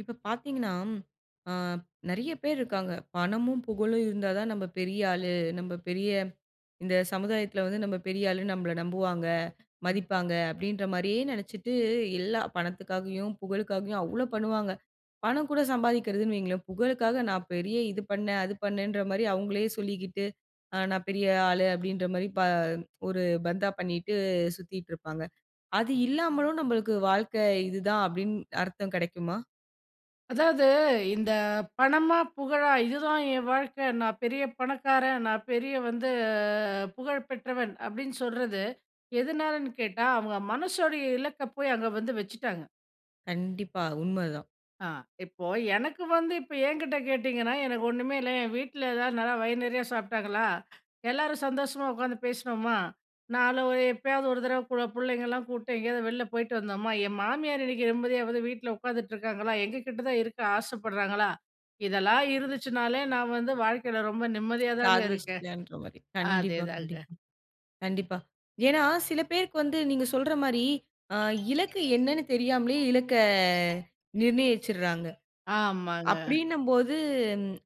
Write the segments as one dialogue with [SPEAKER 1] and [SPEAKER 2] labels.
[SPEAKER 1] இப்ப பார்த்தீங்கன்னா, ஆ நெறைய பேர் இருக்காங்க. பணமும், புகழும் இருந்தா தான் நம்ம பெரிய ஆளு. நம்ம பெரிய இந்த சமுதாயத்தில வந்து "நம்ம பெரிய ஆளுன்னு நம்மளை நம்புவாங்க, மதிப்பாங்க" அப்டின்ற மாரியே நெனைச்சிட்டு, எல்லா பணத்துக்காகயும், புகழுக்காகயும் அவ்ளோ பண்ணுவாங்க. பணம் கூட சம்பாதிக்கிறதுன்னு வையுங்களேன், புகழுக்காக நான் பெரிய இது பண்ணேன், அது பண்ணேன்ற மாரி அவங்களையே சொல்லிக்கிட்டு. ஆ "நான் பெரிய ஆளு" அப்டின்ற மாரி பா ஒரு பந்தா பண்ணிட்டு சுத்திட்டு இருப்பாங்க. அது இல்லாமலும் நம்மளுக்கு வாழ்க்கை இதுதான் அப்டின்னு அர்த்தம் கெடைக்குமா?
[SPEAKER 2] அதாவது இந்த பணமா, புகழா "இதுதான் என் வாழ்க்க. நான் பெரிய பணக்காரன், நான் பெரிய வந்து புகழ் பெற்றவன்" அப்டின்னு சொல்றது, எதுனாலன்னு கேட்டா அவங்க மனசோடைய இலக்க போய் அங்க வந்து வச்சுட்டாங்க.
[SPEAKER 1] கண்டிப்பா. உண்மதான்.
[SPEAKER 2] ஆ இப்போ, எனக்கு வந்து இப்ப என்கிட்ட கேட்டீங்கன்னா, "எனக்கு ஒன்னுமே இல்ல" என் வீட்ல எதாவது நல்லா வயுறு நறைய சாப்பிட்டாங்களா, எல்லாரும் சந்தோஷமா உக்காந்து பேசினோமா, நாள ஒரு எப்பயாவது ஒரு தடவ கூட பிள்ளைங்களலாம் கூப்பிட்டு எங்கேயாவது வெளில போயிட்டு வந்தோமா, என் மாமியார் இன்னைக்கு நிம்மதியா வந்து வீட்ல உட்காந்துட்டு இருக்காங்களா? எங்கள்கிட்ட தான் இருக்க ஆசப்படுறாங்களா, இதெல்லாம் இருந்துச்சுனாலே, நான் வந்து வாழ்க்கைல ரொம்ப நிம்மதியா தாங்க இருக்கேன்.
[SPEAKER 1] "சாதிச்சிட்டியான்ற மாரி" கண்டிப்பா,
[SPEAKER 2] அதேதாங்க.
[SPEAKER 1] கண்டிப்பா, கண்டிப்பா. ஏன்னா, சில பேருக்கு வந்து நீங்க சொல்ற மாரி, அ இலக்கு என்னன்னு தெரியாமலே இலக்க நிர்நயிச்சுர்றாங்க.
[SPEAKER 2] ஆமாங்க.
[SPEAKER 1] அப்டின்னும்போது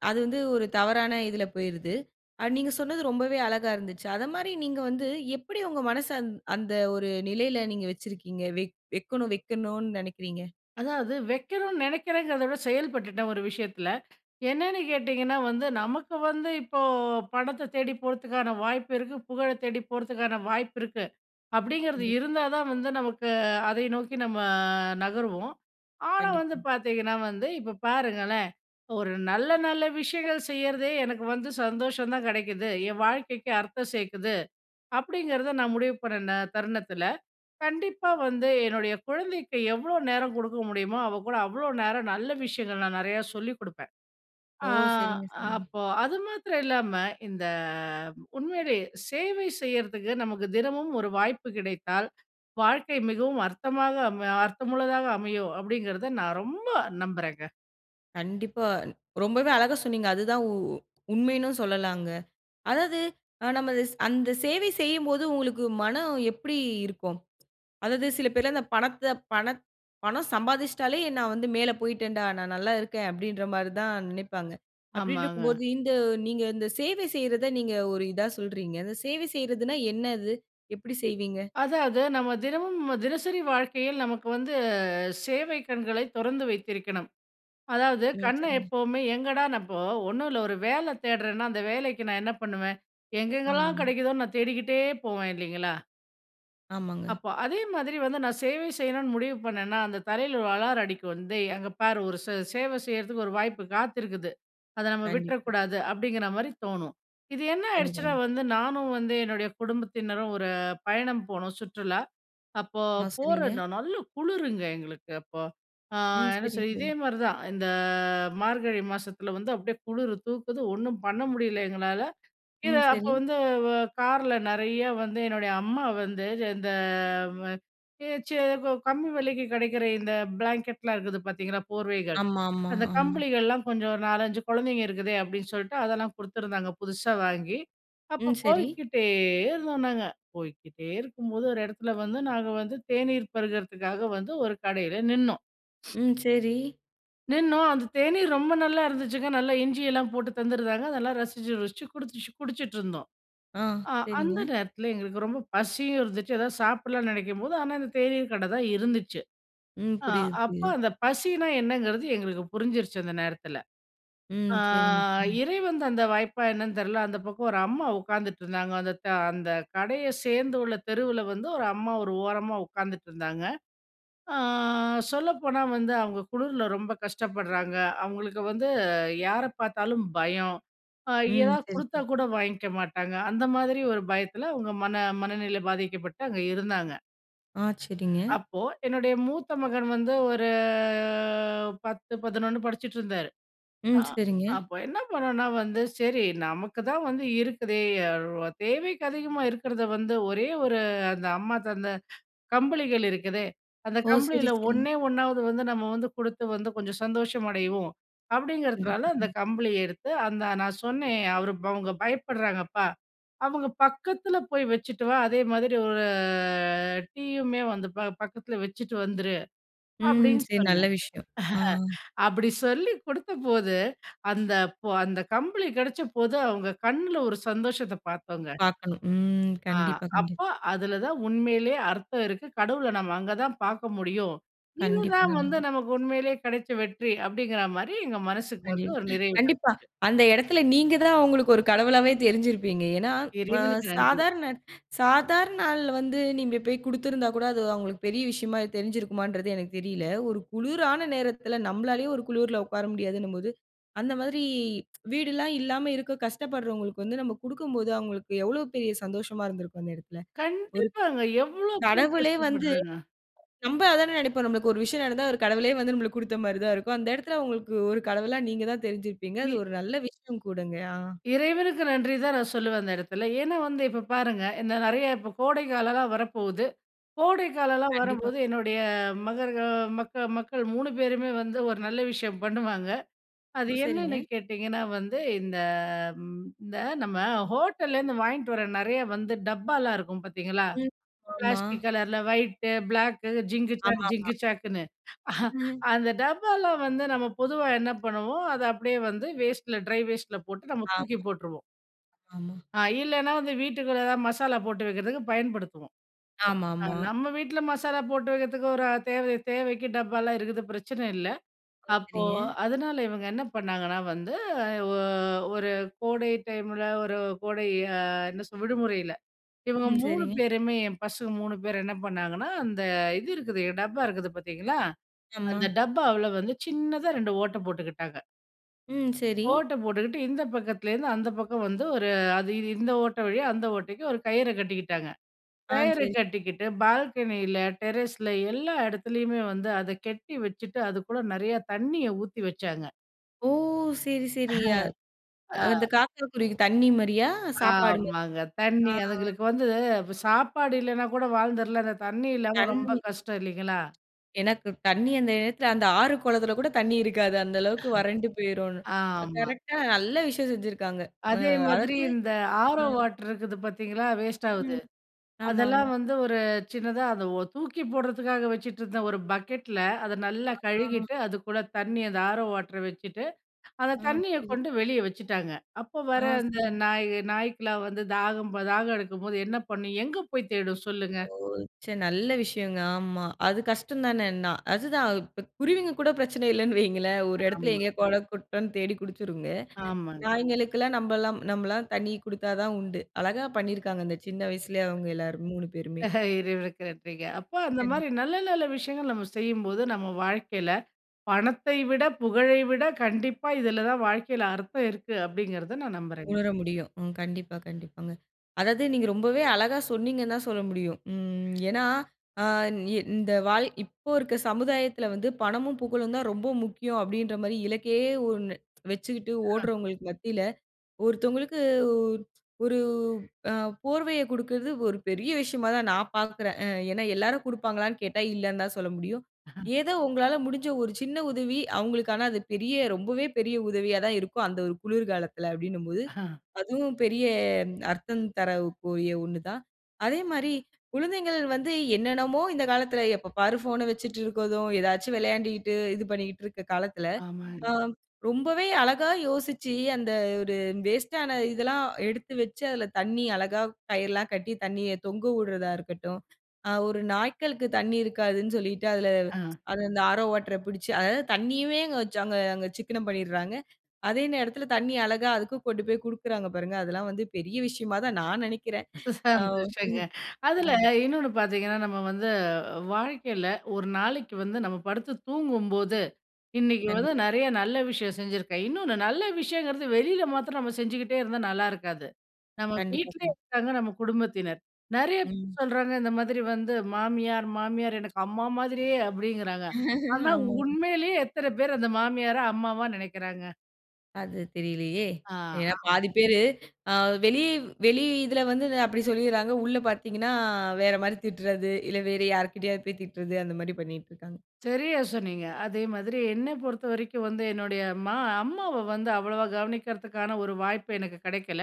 [SPEAKER 1] அது வந்து ஒரு தவறான இதில போயுருது. நீங்க சொன்னது ரொம்பவே அழகா இருந்துச்சு. அத மாரி நீங்க வந்து, எப்டி உங்க மனச அந் அந்த ஒரு நிலையில நீங்க வெச்சுருக்கீங்க. வெக் வெக்கணும் வெக்கணுன்னு நெனைக்கிறீங்க.
[SPEAKER 2] அதாவது, வெக்கணுனு நெனைக்கிறேங்கிறத விட செயல்பட்டுட்டேன், ஒரு விஷயத்தில. என்னன்னு கேட்டிங்கன்னா வந்து, நமக்கு வந்து இப்போ, பணத்த தேடி போறதுக்கான வாய்ப்பு இருக்கு. புகழத் தேடி போறதுக்கான வாய்ப்பு இருக்கு. அப்பிடிங்கிறது
[SPEAKER 1] கண்டிப்பா.
[SPEAKER 2] இருந்தா தான் வந்து, நமக்கு அதை நோக்கி நம்ம நகருவோம். ஆனா, வந்து
[SPEAKER 1] கண்டிப்பா.
[SPEAKER 2] பாத்தீங்கணா, வந்து இப்ப பாருங்களேன்! ஒரு நல்ல, நல்ல விஷயங்கள் செய்யிறதே, எனக்கு வந்து சந்தோஷம் தான் கெடைக்குது. என் வாழ்க்கைக்கு அர்த்தம் சேக்குது. அப்பிடிங்கிறத நான் முடிவு பண்ணுன தருணத்தில, கண்டிப்பா வந்து என்னோடய குழந்தைக்கு, எவ்ளோ நேரம் கொடுக்க முடியுமோ, அவ கூட அவ்ளோ நேரம், நல்ல விஷயங்கள் நான் நெறையா சொல்லிக் கொடுப்பேன்.
[SPEAKER 1] ஓ!
[SPEAKER 2] ஆ
[SPEAKER 1] சரிங்க, சரிங்க.
[SPEAKER 2] அப்போ, அது மாத்திரம் இல்லாம, இந்த உண்மையிலே சேவை செய்யிறதுக்கு, நமக்கு தினமும் ஒரு வாய்ப்பு கிடைத்தால், வாழ்க்கை மிகவும் அர்த்தமாக அம அர்த்தமுள்ளதாக அமையும் அப்பிடிங்கிறத நான் ரொம்ப நம்புறேங்க.
[SPEAKER 1] கண்டிப்பா. ரொம்பவே அழகா சொன்னீங்க. அதுதான் உ உண்மையின்னு சொல்லலாங்க. அதாவது, அ நம்ம அது அந்த சேவை செய்யும்போது, உங்களுக்கு மனம் எப்பிடி இருக்கும்? அதாவது சில பேர்லாம், அந்த பணத்த பணத் பணம் சம்பாதிச்சுட்டாலே, நான் வந்து மேல போயிட்டன்டா! நான் நல்லா இருக்கேன். அப்பிடின்ற மாரி தான் நினைப்பாங்க.
[SPEAKER 2] ஆமாங்க.
[SPEAKER 1] அப்பிடின்ருக்கும்போது, இந்த நீங்க இந்த சேவை செய்யிறத, நீங்க ஒரு இதா சொல்றீங்க. அந்த சேவை செய்யிறதுன்னா என்ன அது? எப்பிடி செய்வீங்க?
[SPEAKER 2] அதாவது, நம்ம தினமும் தினசரி வாழ்க்கையில், நமக்கு வந்து சேவை கண்களை தொறந்து வைத்திருக்கணும். அதாவது,
[SPEAKER 1] ம்.
[SPEAKER 2] கண்ண
[SPEAKER 1] சரிங்க.
[SPEAKER 2] எப்பவுமே எங்கடானப்போ, 1 இல்ல. ஒரு வேல தேடுறேன்னா, அந்த வேலைக்கு நான் என்ன பண்ணுவேன். எங்கெங்கலாம்
[SPEAKER 1] ஆமாங்க.
[SPEAKER 2] கெடைக்குதோன்னு நான் தேடிக்கிட்டே போவேன், இல்லேங்களா!
[SPEAKER 1] ஆமாங்க.
[SPEAKER 2] அப்போ அதே மாதிரி வந்து நான் சேவை செய்யணுன்னு முடிவு பண்ணேன்னா, அந்த தரையில ஒரு அலாரம் அடிக்கும், வந்து அங்க பாரு ஒரு சே சேவை செய்யிறதுக்கு ஒரு வாய்ப்பு காத்திருக்குது. அத நம்ம
[SPEAKER 1] கண்டிப்
[SPEAKER 2] விட்றக்கூடாது அப்பிடிங்கிறமாரி தோணும். இது என்ன ஆயிடுச்சுனா
[SPEAKER 1] கண்டிப்பாங்க.
[SPEAKER 2] வந்து நானும் வந்து என்னுடைய குடும்பத்தினரும் ஒரு பயணம் போனோம். சுற்றுலா! அப்போ
[SPEAKER 1] ஆ,
[SPEAKER 2] போற
[SPEAKER 1] சரிங்க.
[SPEAKER 2] நானு நல்ல குளிருங்க எங்களுக்கு அப்போ. ஆ
[SPEAKER 1] ம்.
[SPEAKER 2] என்ன
[SPEAKER 1] சரி,
[SPEAKER 2] [unintelligible]
[SPEAKER 1] சரி.
[SPEAKER 2] இதேமாரி தான் இந்த மார்கழி மாசத்துல வந்து அப்பிடியே குளிரு தூக்குது ஒன்னும் பண்ணமுடியல எங்களால. இத
[SPEAKER 1] ம்.
[SPEAKER 2] அப்போ
[SPEAKER 1] சரி.
[SPEAKER 2] வந்து வ கார்ல நிறைய வந்து என்னுடைய அம்மா வந்து இந்த அ [unintelligible] இப்ப கம்மி விலைக்கு கிடைக்கிற இந்த பிளாங்கெட்லாம் இருக்குது பார்த்தீங்களா போர்வைகள்,
[SPEAKER 1] ஆமா, ஆமா,
[SPEAKER 2] அந்த
[SPEAKER 1] ஆமா.
[SPEAKER 2] கம்பிளிகள்லாம் கொஞ்சம் ஒரு 4, 5 குழந்தைங்க இருக்குதே! அப்பிடின்னு சொல்ட்டு அதெல்லாம் குடுத்துருந்தாங்க. புதுசா வாங்கி அப்போ
[SPEAKER 1] ம். சரி.
[SPEAKER 2] போய்க்கிட்டே இருந்தோம் நாங்க, போய்க்கிட்டே இருக்கும்போது ஒரு இடத்துல வந்து நாங்க வந்து தேநீர் பருகத்துக்காக வந்து ஒரு கடையில நின்னோம்.
[SPEAKER 1] ம். சரி.
[SPEAKER 2] நின்னோம். அந்த தேநீர் ரொம்ப நல்லா இருந்துச்சுங்க. நல்லா இஞ்சி எல்லாம் போட்டு தந்துருந்தாங்க. அதெல்லாம் ரசிச்சு ருசிச்சு குடிச் குடிச்சிட்டு இருந்தோம்.
[SPEAKER 1] ஆ,
[SPEAKER 2] ஆ
[SPEAKER 1] சரிங்க.
[SPEAKER 2] அந்த நேரத்தில எங்களுக்கு ரொம்ப பசியும் இருந்துச்சு. எதாவது சாப்பிட்லான்னு நினைக்கும்போது, ஆனா இந்த தேநீர் கட தான் இருந்துச்சு.
[SPEAKER 1] ம்.
[SPEAKER 2] ஆ,
[SPEAKER 1] புரியுது,
[SPEAKER 2] அப்ப
[SPEAKER 1] புரியுது.
[SPEAKER 2] அந்த பசின்னா என்னங்கிறது எங்களுக்கு புரிஞ்சிருச்சு அந்த நேரத்தில.
[SPEAKER 1] ம்.
[SPEAKER 2] ஆ,
[SPEAKER 1] சரிங்க. ம்.
[SPEAKER 2] இறைவன் தந்த வாய்ப்பா என்னன்னு தெரில. அந்த பக்கம் ஒரு அம்மா உட்காந்துட்ருந்தாங்க. அந்த த அந்த கடைய சேர்ந்துள்ள தெருவுல வந்து ஒரு அம்மா ஒரு ஓரமா உட்காந்துட்ருந்தாங்க. ஆ சொல்லப்போனா வந்து அவுங்க குளிர்ல ரொம்ப கஷ்டப்படுறாங்க. அவுங்களுக்கு வந்து யார பார்த்தாலும் பயம். ஆ
[SPEAKER 1] ம்.
[SPEAKER 2] எதா
[SPEAKER 1] சரி,
[SPEAKER 2] கொடுத்தா
[SPEAKER 1] சரி.
[SPEAKER 2] கூட வாங்கிக்க மாட்டாங்க. அந்த மாதிரி ஒரு பயத்தில அவுங்க மன மனநிலை பாதிக்கப்பட்டு அங்க இருந்தாங்க.
[SPEAKER 1] ஆ, சரிங்க.
[SPEAKER 2] அப்போ, என்னுடைய மூத்த மகன் வந்து ஒரு 10,11 படிச்சிட்டு இருந்தாரு. ஆ
[SPEAKER 1] ம், சரிங்க.
[SPEAKER 2] அப்போ என்ன பண்ணுனா வந்து, "சரி நமக்கு தான் வந்து இருக்குதே தேவைக்கு அதிகமா இருக்கிறத வந்து ஒரே ஒரு அந்த அம்மா தந்தை கம்பளிகள் இருக்குதே, அந்த
[SPEAKER 1] ஓ! சரி,
[SPEAKER 2] கம்பிளியில
[SPEAKER 1] சரி.
[SPEAKER 2] ஒன்னே ஒன்னாவது வந்து நம்ம வந்து குடுத்து வந்து கொஞ்சம் சந்தோஷமடைவோம்" அப்படிங்கிறதுனால
[SPEAKER 1] கண்டிப்பா,
[SPEAKER 2] அந்த
[SPEAKER 1] கண்டிப்பா.
[SPEAKER 2] கம்பளியை எடுத்து, அந்த நான் சொன்னேன் "அவர் அவங்க பயப்படுறாங்கப்பா அவங்க பக்கத்தில போய் வச்சுட்டு வா. அதே மாதிரி ஒரு டீயுமே வந்து பா பக்கத்துல வச்சுட்டு வந்துரு"
[SPEAKER 1] ம்
[SPEAKER 2] அப்டின்னு
[SPEAKER 1] சரி. நல்ல
[SPEAKER 2] சொன்னேன்.
[SPEAKER 1] விஷயம். ஆ.
[SPEAKER 2] அப்டி சொல்லிக் குடுத்தபோது அந்த ப அந்த கம்பளி கெடைச்ச போது அவங்க கண்ணில ஒரு சந்தோஷத்த பார்த்தோம்ங்க.
[SPEAKER 1] பார்க்கணும். ம்.
[SPEAKER 2] ஆ
[SPEAKER 1] கண்டிப்பா, கண்டிப்பா.
[SPEAKER 2] அப்போ, அதில தான் உண்மையிலேயே அர்த்தம் இருக்கு. கடவுளை நம்ம அங்க தான் பார்க்க முடியும்.
[SPEAKER 1] கண்டிப்பா,
[SPEAKER 2] "இதுதான் வந்து
[SPEAKER 1] கண்டிப்பா.
[SPEAKER 2] நமக்கு உண்மையிலேயே கெடைச்ச வெற்றி" அப்டிங்கிற மாரி எங்க மனசுக்கு வந்து ஒரு
[SPEAKER 1] [unintelligible]
[SPEAKER 2] நிறைவு கிடைச்சுது.
[SPEAKER 1] கண்டிப்பா அந்த இடத்தில நீங்க தான் அவங்களுக்கு ஒரு கடவுளாவே தெரிஞ்சிருப்பீங்க. ஏன்னா, அ
[SPEAKER 2] இறைவனுக்கு நன்றி.
[SPEAKER 1] சாதாரண, சாதாரண நாள்ல வந்து நீங்க போய் கொடுத்திருந்தா கூட அது அவங்களுக்கு பெரிய விஷயமா தெரிஞ்சிருக்குமா என்றது எனக்கு தெரியல. ஒரு குளுரான நேரத்தில நம்மளாலேயே ஒரு குளுருல உட்கார முடியாதுன்னும் போது, அந்த மாதிரி வீடெல்லாம் இல்லாம இருக்க கஷ்டப்படுறவங்களுக்கு வந்து நம்ம குடுக்கும்போது, அவங்களுக்கு எவ்ளோ பெரிய சந்தோஷமா இருந்திருக்கும் அந்த இடத்தில. ஒரு
[SPEAKER 2] கண்டிப்பாங்க. எவ்ளோ பேர்
[SPEAKER 1] கடவுளே வந்து
[SPEAKER 2] கஷ்டப்பட்றாங்க.
[SPEAKER 1] நம்ப அது தானே நினைப்போம். நமக்கு ஒரு விஷயம் நடந்தா ஒரு கடவுளே வந்து நமக்கு குடுத்த மாதிரி தான் இருக்கும். அந்த இடத்தில உங்களுக்கு ஒரு கடவுளா நீங்க தான் தெரிஞ்சுருப்பீங்க. அது
[SPEAKER 2] இ
[SPEAKER 1] ஒரு நல்ல விஷயம் கூடங்க.ஆ.
[SPEAKER 2] இறைவனுக்கு நன்றி தான் நான் சொல்லுவேன் அந்த இடத்துல. ஏன்னா வந்து, இப்போ பாருங்க இந்த நிறைய இப்போ கோடைக்காலம்லாம் வரப்போது. கோடைக்காலம்லாம்
[SPEAKER 1] கண்டிப்பா.
[SPEAKER 2] வரம்போது என்னுடைய மகருக மக்கள் மக்கள் 3 பேருமே வந்து, ஒரு நல்ல விஷயம் பண்ணுவாங்க. அது
[SPEAKER 1] ஓ
[SPEAKER 2] என்னன்னு
[SPEAKER 1] சரிங்க.
[SPEAKER 2] கேட்டிங்கன்னா வந்து இந்த, இந்த நம்ம ஹோட்டல்லேருந்து வாங்கிட்டு வர நிறைய வந்து டப்பாலாம் இருக்கும் பார்த்தீங்களா?
[SPEAKER 1] ம். ஆமா.
[SPEAKER 2] பிளாஸ்டிக் கலரில, ஒயிட், பிளாக்கு "ஜிங்கு ஜாக்,
[SPEAKER 1] ஆமாம்மா.
[SPEAKER 2] ஜிங்கு ஜக்குன்னு"
[SPEAKER 1] [unintelligible]
[SPEAKER 2] அந்த டப்பாலாம் வந்து நம்ம பொதுவா என்ன பண்ணுவோம் அதை அப்டியே வந்து வேஸ்ட்டில, ட்ரை வேஸ்ட்ல போட்டு நம்ம
[SPEAKER 1] ஆமா.
[SPEAKER 2] தூக்கி போட்டுருவோம்.
[SPEAKER 1] ஆமா.
[SPEAKER 2] ஆ இல்லைன்னா வந்து வீட்டுக்குள்ளே எதாவது மசாலா போட்டு வைக்கிறதுக்கு பயன்படுத்துவோம். ஆ
[SPEAKER 1] ஆமாம்மா.
[SPEAKER 2] நம்ம வீட்ல மசாலா போட்டு வைக்கிறதுக்கு ஒரு தேவை தேவைக்கு டப்பாலாம் இருக்குது பிரச்சனை இல்ல.
[SPEAKER 1] ஓ!
[SPEAKER 2] அப்போ
[SPEAKER 1] சரிங்க.
[SPEAKER 2] அதனால இவங்க என்ன பண்ணாங்கன்னா வந்து, ஒ ஒரு கோடை டைமில ஒரு கோடை என்ன சொல்றது விடுமுறையில இவங்க
[SPEAKER 1] ம்,
[SPEAKER 2] 3
[SPEAKER 1] சரிங்க
[SPEAKER 2] பேருமே பசங்கக்கு 3 பேர் என்ன பண்ணாங்கன்னா, அந்த இது இருக்குது, டப்பா இருக்குது பார்த்தீங்களா
[SPEAKER 1] ஆமா.
[SPEAKER 2] அந்த டப்பாவில வந்து சின்னதா 2 ஓட்டை போட்டுக்கிட்டாங்க.
[SPEAKER 1] ம் சரி.
[SPEAKER 2] ஓட்ட போட்டுக்ட்டு இந்த பக்கத்துலருந்து அந்த பக்கம் வந்து, ஒரு அது இந்த ஓட்ட வழியா அந்த ஓட்டைக்கு ஒரு கயிற கட்டிக்கிட்டாங்க
[SPEAKER 1] ஆன்.
[SPEAKER 2] கயிற
[SPEAKER 1] சரி.
[SPEAKER 2] கட்டிக்கிட்டு பால்கனியில டெர்ரஸ்ல எல்லா இடத்துலயுமே வந்து அத கட்டி வச்சுட்டு அதுகுள்ள நறையா தண்ணிய ஊத்தி வச்சாங்க.
[SPEAKER 1] ஓ! சரி சரி, அ அந்த
[SPEAKER 2] அ.
[SPEAKER 1] காக்கா குருவிக்கு தண்ணீ மாரியா? சாப்பாடு மா
[SPEAKER 2] ஆமாங்க.
[SPEAKER 1] ஆ
[SPEAKER 2] தண்ணி
[SPEAKER 1] ஆ.
[SPEAKER 2] அதுங்களுக்கு வந்து சாப்பாடு இல்லேனா கூட வாழ்ந்துரலாம் அந்த தண்ணி இல்லாம ரொம்ப
[SPEAKER 1] தண்ணி
[SPEAKER 2] கஷ்டம் இல்லைங்களா?
[SPEAKER 1] எனக்கு, தண்ணி அந்த நேரத்துல அந்த ஆறு குளத்துல கூட தண்ணீ இருக்காது. அந்த அளவுக்கு வறண்டு போயிரும் அ
[SPEAKER 2] ஆமா.
[SPEAKER 1] கரெக்டா நல்ல விஷயம் செஞ்சிருக்காங்க. அ
[SPEAKER 2] அதே மாதிரி,
[SPEAKER 1] அதாவது
[SPEAKER 2] இந்த RO
[SPEAKER 1] ம்.
[SPEAKER 2] வாட்டர் இருக்குது பாத்தீங்களா, வேஸ்ட் ஆவுது.
[SPEAKER 1] ம். ஆமா, ஆமா.
[SPEAKER 2] அதெல்லாம் வந்து ஒரு சின்னதா அத ஓ தூக்கி போடுறதுக்காக வச்சுட்ருந்த ஒரு பக்கெட்ல அத நல்லா
[SPEAKER 1] ஆ.
[SPEAKER 2] கழுவிட்டு அதுக்குள்ள தண்ணி அத RO வாட்டர வச்சுட்டு அந்த
[SPEAKER 1] அ
[SPEAKER 2] தண்ணிய
[SPEAKER 1] புரியுது.
[SPEAKER 2] கொண்டு வெளிய வச்சுட்டாங்க. அப்போ வர
[SPEAKER 1] ஆ
[SPEAKER 2] அந்த
[SPEAKER 1] சரிங்க.
[SPEAKER 2] நாய் நாய்க்கலாம் வந்து தாகம் ப தாகம் எடுக்கும்போது, என்ன பண்ணும்? எங்க போய் தேடும் சொல்லுங்க?
[SPEAKER 1] ஓ! ச்ச நல்ல விஷயங்க ஆமா. அது கஷ்டந்தான எண்ணா அதுதான். இப்போ குருவிங்க கூட பிரச்சன இல்லன்னு வையுங்களேன், ஒரு இடத்துல
[SPEAKER 2] ஆமா.
[SPEAKER 1] எங்கேயோ கொளம், குட்டன்னு தேடி குடிச்சுருங்க.
[SPEAKER 2] ஆமாங்க.
[SPEAKER 1] நாய்களுக்கெல்லாம் நம்மலாம் நம்மலாம் தண்ணி குடுத்தா தான் உண்டு. அழகா பண்ணியிருக்காங்க. அந்த சின்ன வயசுலயே அவங்க எல்லாரும் 3 பேருமே.
[SPEAKER 2] இறைவனுக்கு நன்றிங்க. அப்ப அந்த
[SPEAKER 1] சரி.
[SPEAKER 2] மாரி நல்ல நல்ல விஷயங்கள் நம்ம செய்யும்போது, நம்ம வாழ்க்கையில பணத்தை விட, புகழை விட, கண்டிப்பா இதுல தான் வாழ்க்கையில அர்த்தம் இருக்கு. அப்டிங்கறத நான் நம்புறேங்க.
[SPEAKER 1] உணர முடியும். ம். கண்டிப்பா கண்டிப்பாங்க. அதாவது நீங்க ரொம்பவே அழகா சொன்னீங்கன்னு தான் சொல்ல முடியும். ம் ஏன்னா ஆ இந் இந்த வாழ் இப்போ இருக்க சமுதாயத்துல வந்து பணமும் புகழும் தான் ரொம்ப முக்கியம் அப்டின்ற மாரி, இலக்கே ஒன்னு வச்சுட்டு
[SPEAKER 2] அ.
[SPEAKER 1] ஓடுறவங்களுக்கு மத்தியில ஒருத்தவங்களுக்கு உ ஒரு அ போர்வையக் கொடுக்கறது ஒரு பெரிய விஷயமா தான் நான் பாக்கறேன். அ ஏன்னா, எல்லாரும் குடுப்பாங்களான்னு கேட்டா, இல்லன்னு தான் சொல்ல முடியும். ஏதோ உங்களால முடுஞ்ச ஒரு சின்ன உதவி அவங்களுக்கான அது பெரிய ரொம்பவே பெரிய உதவியா தான் இருக்கும். அந்த ஒரு குளிர்காலத்துல அப்டின்னும் போது, அதுவும் பெரிய அர்த்தம் தரக்கூடிய ஒன்னு தான். அதே மாரி குழந்தைங்கள் வந்து என்னென்னமோ இந்த காலத்துல எப்ப பாரு போன்ன வச்சுட் இருக்கறதும், ஏதாச்சு விளையாண்டிட்டு இது பண்ணிக்கிட்ருக்குற காலத்துல, அ
[SPEAKER 2] ஆமாங்க.
[SPEAKER 1] ரொம்பவே அழகா யோசிச்சு அந்த ஒரு வேஸ்ட்டான இதெல்லாம் எடுத்து வச்சு அதுல தண்ணி அழகா கயிர்லாம் கட்டி தண்ணிய தொங்க உட்றதா இருக்கட்டும், அ ஒரு நாய்களுக்கு தண்ணி இருக்காதுன்னு சொல்லிட்டு அதுல
[SPEAKER 2] அ.
[SPEAKER 1] அத இந்த RO வாட்டர புடிச்சு அதாவது தண்ணியுமே அங்க வச்சு அங்க அங்க சிக்கனம் பண்ணிறாங்க அதே நேரத்துல தண்ணீ அழகா அதுக்கும் கொண்டு போய் குடுக்குறாங்க பாருங்க, அதெல்லாம் வந்து பெரிய விஷயமா தான் நான் நெனைக்கிறேன்,
[SPEAKER 2] ச
[SPEAKER 1] அவ்
[SPEAKER 2] சந்தோஷங்க
[SPEAKER 1] [unintelligible]
[SPEAKER 2] அதுல
[SPEAKER 1] கண்டிப்பா.
[SPEAKER 2] இன்னொன்னு பாத்தீங்கன்னா, நம்ம வந்து வாழ்க்கையில ஒரு நாளைக்கு வந்து நம்ம படுத்து தூங்கும்போது "இன்னைக்கு வந்து
[SPEAKER 1] கண்டிப்பா.
[SPEAKER 2] நிறையா நல்ல விஷயம் செஞ்சிருக்கேன்." இன்னொன்னு நல்ல விஷயங்கறது வெளியில மாத்ரம் நம்ம செஞ்சுகிட்டே இருந்தா நல்லாருக்காது. நம்ம
[SPEAKER 1] கண்டிப்பா
[SPEAKER 2] வீட்லேயே
[SPEAKER 1] கண்டிப்
[SPEAKER 2] இருக்காங்க நம்ம குடும்பத்தினர். நிறையா
[SPEAKER 1] ம்.
[SPEAKER 2] பேர் சொல்றாங்க இந்த மாதிரி வந்து "மாமியார், மாமியார் எனக்கு அம்மா மாதிரியே." அப்டிங்கறாங்க. ஆனா
[SPEAKER 1] ஆமா.
[SPEAKER 2] உண்மையிலேயே எத்தன பேர் அந்த மாமியார அம்மாவா நினைக்குறாங்க?
[SPEAKER 1] அது தெரியலயே!
[SPEAKER 2] ஆ
[SPEAKER 1] ஏன்னா
[SPEAKER 2] [unintelligible]
[SPEAKER 1] பாதி பேரு, ஆ வெளியே வெளி இதில வந்து அந்த அப்பிடி சொல்லிர்றாங்க. உள்ள பார்த்தீங்கன்னா, வேறமாரி திட்றது, இல்ல வேற யார்கிட்டயாவது போய் திட்றது, அந்தமாரி பண்ணிட்டு இருக்காங்க.
[SPEAKER 2] சரியா சொன்னீங்க. அதே மாதிரி என்ன பொறுத்த வரைக்கும் வந்து என்னுடைய மா அம்மாவ வந்து அவ்வளவா கவனிக்கிறதுக்கான ஒரு வாய்ப்பு எனக்கு கிடைக்கல.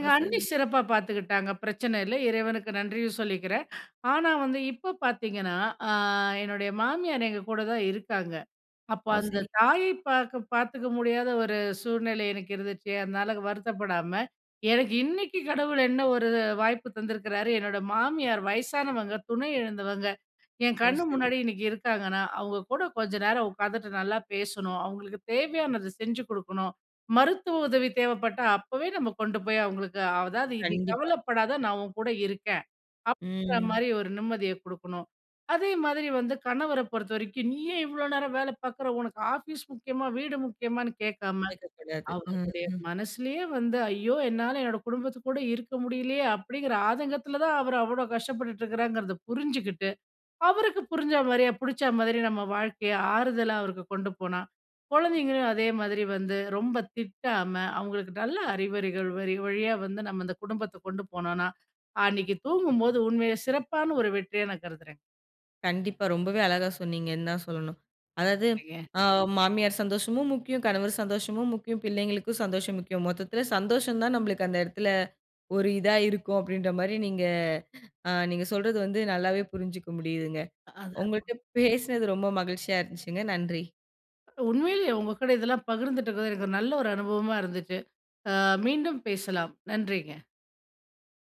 [SPEAKER 1] ஓ!
[SPEAKER 2] அண்ணி
[SPEAKER 1] சரி.
[SPEAKER 2] சிறப்பாக பார்த்துக்கிட்டாங்க. பிரச்சனை இல்ல, இறைவனுக்கு நன்றியும் சொல்லிக்கிறேன். ஆனா வந்து இப்ப பார்த்தீங்கன்னா, ஆ, என்னுடைய மாமியார் எங்க கூட தான் இருக்காங்க. அப்போ
[SPEAKER 1] ஓ,
[SPEAKER 2] அந்த
[SPEAKER 1] சரி.
[SPEAKER 2] தாயை பார்க்க பார்த்துக்க முடியாத ஒரு சூழ்நிலை எனக்கு இருந்துச்சு. அதனால வருத்தப்படாம எனக்கு இன்னைக்கு கடவுள் என்ன ஒரு வாய்ப்பு தந்திருக்கிறாரு, என்னோட மாமியார் வயசானவங்க. துணை எழுந்தவங்க. என்
[SPEAKER 1] ஓ!
[SPEAKER 2] கண்
[SPEAKER 1] சரி.
[SPEAKER 2] முன்னாடி இன்னக்கி இருக்காங்கன்னா, அவுங்க கூட கொஞ்ச நேரம் உக்காந்துட்டு நல்லா பேசணும். அவுங்களுக்கு தேவையானது செஞ்சு குடுக்கணும். மருத்துவ உதவி தேவைப்பட்டா, அப்பவே நம்ம கொண்டு போய் அவுங்களுக்கு அதாவது இது
[SPEAKER 1] கண்டிப்பா.
[SPEAKER 2] கவலைப்படாத நான் உன்கூட இருக்கேன்,
[SPEAKER 1] ம்.
[SPEAKER 2] அப்பிடிங்கிறமாரி ஒரு நிம்மதிய கொடுக்கணும். அதே மாதிரி வந்து கணவர பொறுத்தவரைக்கும், நீ ஏன் இவ்ளோ நேரம் வேலை பார்க்குற உனக்கு ஆஃபீஸ் முக்கியமா? வீடு முக்கியமான்னு? கேட்காம
[SPEAKER 1] கேட்கக்கூடாது. ம்,
[SPEAKER 2] அவருடைய
[SPEAKER 1] ம்.
[SPEAKER 2] மனசுலேயே வந்து ஐயோ! என்னால என்னோட குடும்பத்து கூட இருக்க முடியலயே! அப்பிடிங்கிற ஆதங்கத்தில தான் அவரு அவ்ளோ கஷ்டப்பட்டுட்டு இருக்கிறாங்கிறத புரிஞ்சுகிட்டு, அவருக்கு புரிஞ்சா மாரியே பிடிச்ச மாதிரி நம்ம வாழ்க்கை ஆறுதலா அவருக்கு கொண்டு போனா குழந்தைங்களையும் அதே மாதிரி வந்து, ரொம்ப திட்டாம அவுங்களுக்கு நல்ல அறிவுரைகள் வழி வழியா வந்து நம்ம அந்த குடும்பத்த கொண்டு போனோன்னா, அன்னக்கி தூங்கும்போது உண்மையிலே சிறப்பான ஒரு வெற்றியா நான் கருதுகிறேன்.
[SPEAKER 1] கண்டிப்பா. ரொம்பவே அழகா சொன்னீங்கன்னு தான் சொல்லணும். அதாவது
[SPEAKER 2] [unintelligible]
[SPEAKER 1] ஆ மாமியார் சந்தோஷமும் முக்கியம். கணவர் சந்தோஷமும் முக்கியம். பிள்ளைங்களுக்கும் சந்தோஷம் முக்கியம். மொத்தத்தில சந்தோஷம் தான் நம்மளுக்கு அந்த இடத்தில ஒரு இதா இருக்கும். அப்பிடின்ற மாரி நீங்க, அ நீங்க சொல்றது வந்து நல்லாவே புரிஞ்சுக்க முடியுதுங்க.
[SPEAKER 2] அ.
[SPEAKER 1] உங்கள்ட்ட பேசினது ரொம்ப மகிழ்ச்சியா இருந்துச்சுங்க. நன்றி.
[SPEAKER 2] அ, உண்மையிலேயே உங்க கூட இதெல்லாம் பகிர்ந்திட்டது, எனக்கு ஒரு நல்ல ஒரு அனுபவமா இருந்துச்சு. ஆ மீண்டும் பேசலாம். நன்றிங்க.